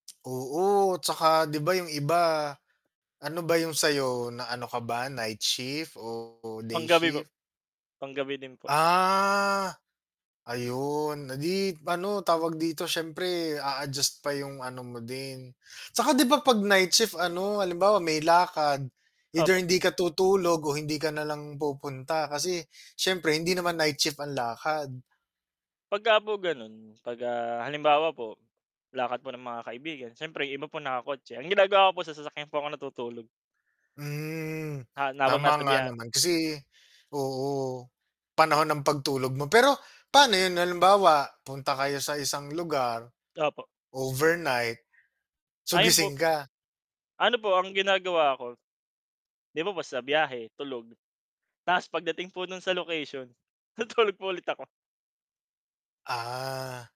Oo, 'tsaka, 'di ba, 'yong iba ano ba 'yong sa 'yo na ano ka ba, night shift o day Pang-gabi po, shift? pang-gabi din po. Ah. Ayun, eh, 'di ano tawag dito, siyempre a-adjust pa 'yong ano mo din. 'Tsaka, 'di ba, 'pag night shift, ano, halimbawa may lakad, either Opo. hindi ka tutulog o hindi ka na lang pupunta. Kasi syempre hindi naman night shift ang lakad. 'Pagka po gano'n 'pag, ah, halimbawa po lakad po ng mga kaibigan, siyempre iba po naka-kotse. Ang ginagawa ko po sa sasakyan po ako natutulog. Hmm, Ha habang tama nasa nga biya naman kasi oo, panahon ng pagtulog mo, pero paano 'yon, halimbawa punta kayo sa isang lugar, Opo. overnight, so Ayun gising po ka? Ano po ang ginagawa ko, 'di ba po sa biyahe, tulog. 'Tas pagdating po no'n sa location tutulog po ulit ako. Ah.